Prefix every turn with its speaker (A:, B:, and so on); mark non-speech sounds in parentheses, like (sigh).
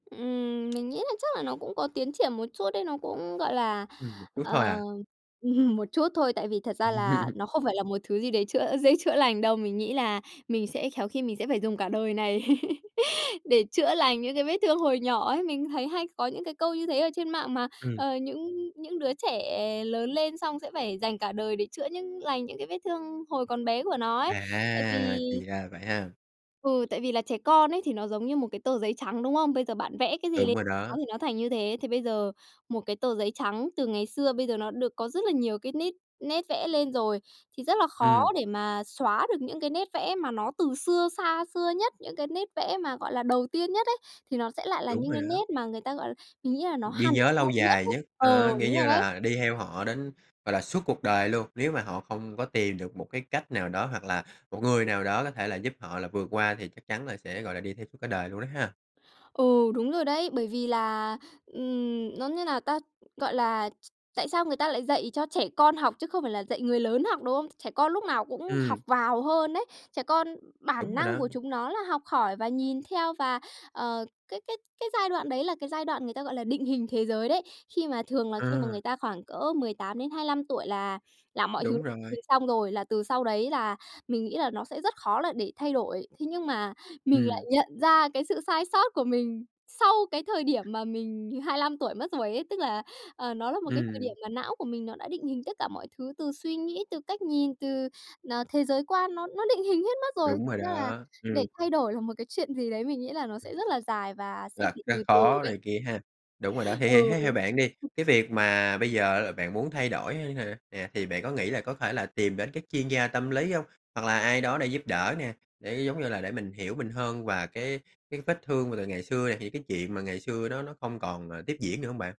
A: Ừm, mình nghĩ là chắc là nó cũng có tiến triển một chút ấy, nó cũng, gọi là,
B: Ừm, m chút thôi
A: ờ,
B: à?
A: (laughs) một chút thôi, tại vì thật ra là
B: (laughs)
A: nó không phải là một thứ gì đấy chữa dễ chữa lành đâu. Mình nghĩ là mình sẽ khéo khi mình sẽ phải dùng cả đời này để chữa lành những cái vết thương hồi nhỏ ấy. Mình thấy hay có những cái câu như thế ở trên mạng mà,
B: Ừm.
A: ờ, những những đứa trẻ lớn lên xong sẽ phải dành cả đời để chữa những lành những cái vết thương hồi còn bé của nó ấy. Tại
B: À,
A: vì
B: thì ra là vậy ha?
A: ừ, tại vì là trẻ con ấy thì nó giống như một cái tờ giấy trắng, đúng không? Bây giờ bạn vẽ cái gì
B: Đúng
A: lê
B: rồi
A: nó
B: đó.
A: thì nó thành như thế. Thì bây giờ một cái tờ giấy trắng từ ngày xưa, bây giờ nó được có rất là nhiều cái nít nét vẽ lên rồi thì rất là khó
B: Ừm.
A: để mà xóa được những cái nét vẽ mà nó từ xưa, xa xưa nhất, những cái nét vẽ mà, gọi là, đầu tiên nhất ấy, thì nó sẽ lại là
B: Đúng
A: những
B: rồi
A: cái
B: đó.
A: nét mà người ta, gọi l mình nghĩ là nó
B: Ghi
A: hằn
B: nhớ lâu
A: lâu nhất
B: dài
A: ấy
B: nhất,
A: ờ,
B: ờ, nghĩ
A: đúng rồi
B: như
A: đấy.
B: là đi theo họ đến, gọi là, suốt cuộc đời luôn, nếu mà họ không có tìm được một cái cách nào đó hoặc là một người nào đó có thể là giúp họ là vượt qua thì chắc chắn là sẽ, gọi là, đi theo suốt cả đời luôn á ha.
A: Ừ, đúng rồi đấy, bởi vì là, ừm nói như nào ta? Gọi là, ch tại sao người ta lại dạy cho trẻ con học chứ không phải là dạy người lớn học, đúng không? Trẻ con lúc nào cũng học
B: Ừm.
A: vào hơn đấy. Trẻ con bản
B: Đúng rồi
A: năng
B: đó.
A: của chúng nó là học hỏi và nhìn theo và, ờ, cái cái cái giai đoạn đấy là cái giai đoạn người ta, gọi là, định hình thế giới đấy. Khi mà thường là khi mà
B: Ờ.
A: người ta khoảng cỡ 18-25 tuổi là làm mọi thứ
B: Đúng
A: thứ
B: rồi.
A: xong rồi, là từ sau đấy là mình nghĩ là nó sẽ rất khó là để thay đổi. Thế nhưng mà mình lại
B: Ừm.
A: nhận ra cái sự sai sót của mình sau cái thời điểm mà mình 25 tuổi mất rồi ấy, tức là, à, nó là một cái thời
B: Ừm.
A: điểm mà não của mình nó đã định hình tất cả mọi thứ từ suy nghĩ, từ cách nhìn, từ, à, thế giới quan, nó nó định hình hết mất rồi,
B: Đúng rồi
A: ra là
B: đó,
A: để
B: ừm.
A: thay đổi là một cái chuyện gì đấy mình nghĩ là nó sẽ rất là dài và sẽ
B: Là
A: phải
B: rất
A: từ từ
B: khó
A: đấy.
B: này kia ha, đúng rồi đó. Thì thì
A: Ừ.
B: thế theo bạn đi, cái việc mà bây giờ bạn muốn thay đổi hơn hả, yeah, thì bạn có nghĩ là có thể là tìm đến các chuyên gia tâm lý hông? Hoặc là ai đó để giúp đỡ nè, để, giống như là, để mình hiểu mình hơn và cái cái vết thương mà từ ngày xưa nè, thì cái chuyện mà ngày xưa đó nó không còn, ờ, tiếp diễn nữa hông bạn?